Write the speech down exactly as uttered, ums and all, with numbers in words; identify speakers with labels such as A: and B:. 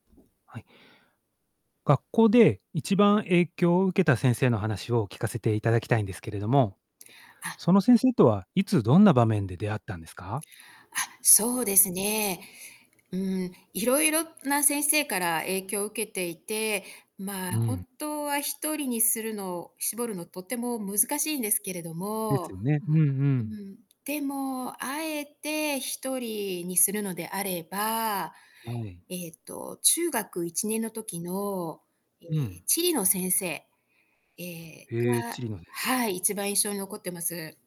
A: はい。学校で、一番影響を受けた先生の話を聞かせて頂きたいんですけれども。
B: あ。
A: その先生とは、いつどんな場面で出会ったんですか？
B: あ、そうで
A: う
B: す
A: ん。
B: ね。うーん、いろいろな先生から影響を受けていて、まあ、
A: うん。
B: 本当はひとりにするのを絞るの、とても難しいんですけれど
A: です
B: も
A: よね。うんう
B: う
A: ん。
B: ん、でも、あえてひとりにするのであれば、
A: はい。
B: ええと中学いちねんの時の、え
A: う
B: え、
A: ん。
B: 地理の先生、ええ、
A: へえ、地
B: は
A: 理の先
B: は
A: 生。
B: い、一番印象に残ってます。